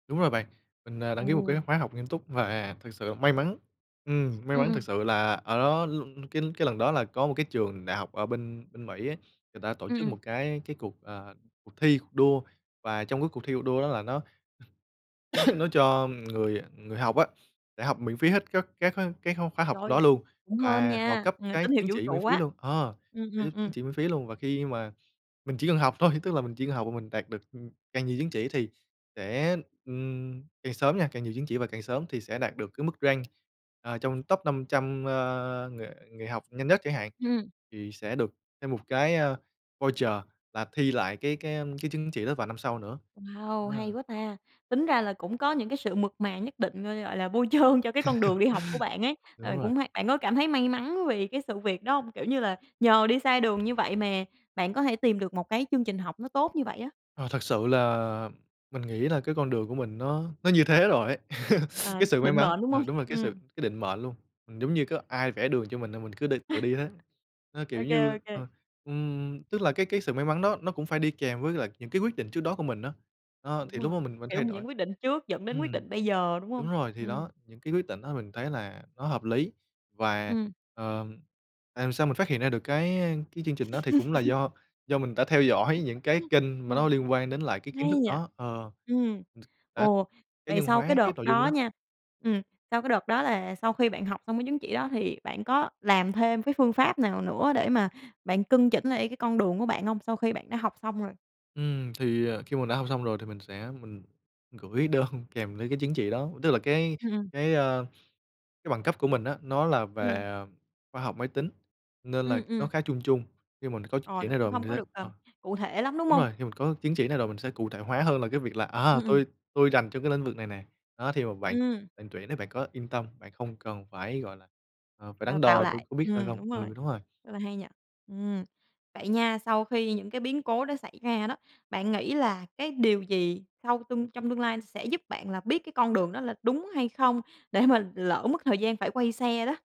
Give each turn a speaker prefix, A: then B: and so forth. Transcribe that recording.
A: Đúng rồi bạn, mình, à, đăng ký một cái
B: Ồ.
A: khóa học nghiêm túc và thực sự may mắn. Ừm, may
B: Ừm,
A: mắn thực
B: ừm.
A: sự là ở đó l cái cái lần đó là có một cái trường đại học ở bên bên Mỹ á, người ta tổ
B: Ừm,
A: chức
B: ừm.
A: một cái cái cuộc, à, cuộc thi, cuộc đua, và trong cái cuộc thi, cuộc đua đó là nó nó cho người người học á, để học miễn phí hết các các cái kh cái kh khóa học đó
B: Trời,
A: luôn
B: cũng hên
A: và họ
B: nha,
A: cấp
B: à,
A: cái
B: tín hiệu
A: chứng
B: vũ
A: chỉ miễn
B: trụ
A: phí
B: á.
A: luôn. Ờ,
B: Ừm,
A: ơ,
B: ừm,
A: giúp chứng
B: ừm.
A: chỉ miễn phí luôn, và khi mà mình chỉ cần học thôi, tức là mình chỉ cần học và mình đạt được, ừm, càng nhiều chứng chỉ thì sẽ, ừm, càng sớm nha, càng nhiều chứng chỉ và càng sớm thì sẽ đạt được cái mức rank, à trong top 500, a, người người học nhanh nhất chẳng hạn,
B: Ừm.
A: thì sẽ được thêm một cái, ơ, voucher là thi lại cái cái, ưm, cái chứng chỉ đó vào năm sau nữa.
B: Wow, hay
A: A!
B: quá ta, tính ra là cũng có những cái sự mượt mà nhất định, ơ, gọi là, bôi trơn cho cái con đường đi học của bạn ấy,
A: Đúng
B: ờ,
A: rồi.
B: cũng hay bạn có cảm thấy may mắn vì cái sự việc đó hông? Kiểu như là, nhờ đi sai đường như vậy mà bạn có thể tìm được một cái chương trình học nó tốt như vậy á.
A: Ờ, thật sự là mình nghĩ là cái con đường của mình nó nó như thế rồi ấy,
B: À,
A: cái
B: nó
A: sự may
B: định
A: mắn
B: mệnh, đúng
A: ờ,
B: hông?
A: đúng rồi, cái sự
B: Ừm.
A: cái định mệnh luôn, giống như có ai vẽ đường cho mình là mình cứ đi tự đi thế. Ơ, kiểu
B: OK,
A: như,
B: OK.
A: ờ, ừm, tức là cái cái sự may mắn đó nó cũng phải đi kèm với lại những cái quyết định trước đó của mình á, ơ,
B: Đúng
A: thì lúc đó
B: rồi,
A: mình mình thay
B: kiểu,
A: đổi
B: những quyết định trước dẫn đến quyết
A: ừm,
B: định bây giờ, đúng hông?
A: đúng rồi, thì
B: Ừm.
A: đó, những cái quyết định đó mình thấy là nó hợp lý, và,
B: Ừm.
A: ờm, làm sao mình phát hiện ra được cái, a, cái chương trình đó thì cũng là do do mình đã theo dõi những cái kênh mà
B: Đúng
A: nó
B: rồi,
A: liên quan đến cái kiến
B: hay
A: thức
B: nhỉ?
A: đó ờ,
B: Ừm,
A: t đã
B: ồ,
A: cá
B: vậy
A: nhân
B: sau cái
A: hóa
B: đợt
A: cái nội dung của
B: đó
A: nó.
B: nha, ừm, sau cái đợt đó là sau khi bạn học xong cái chứng chỉ đó thì bạn có làm thêm cái phương pháp nào nữa để mà bạn cân chỉnh lại cái con đường của bạn hông, sau khi bạn đã học xong rồi?
A: Ừm, thì, à, khi mà mình đã học xong rồi thì mình sẽ mình gửi đơn kèm với cái chứng chỉ đó, tức là cái
B: Ừm, ừm.
A: cái, a, cái bằng cấp của mình á, nó là về,
B: Ừm.
A: à, khoa học máy tính nên là
B: Ừm,
A: nó
B: ừm.
A: khá chung chung. Nhưng mình có chứng
B: Ờ,
A: chỉ
B: nó
A: này
B: cũng
A: rồi mình
B: không có
A: sẽ
B: được,
A: ờ,
B: ờm, cụ thể lắm, đúng
A: đúng
B: hông?
A: rồi, khi mình có chứng chỉ này rồi mình sẽ cụ thể hóa hơn là cái việc là, à,
B: Ừm, ừm.
A: "Tôi tôi rành trong cái lĩnh vực này nè, đó, thì mà bạn
B: Ừm.
A: bạn tuyển bạn có yên tâm, bạn không cần phải, gọi là, ờ, phải
B: Đào
A: đắn
B: tạo
A: đo tôi
B: lại.
A: có biết hay
B: Ừm,
A: không."
B: đúng rồi,
A: Ừ, đúng rồi.
B: rất là hay nhỉ. Ừm, vậy nha, sau khi những cái biến cố đó xảy ra đó, bạn nghĩ là cái điều gì sau tương trong tương lai sẽ giúp bạn là biết cái con đường đó là đúng hay không, để mà lỡ mất thời gian phải quay xe đó?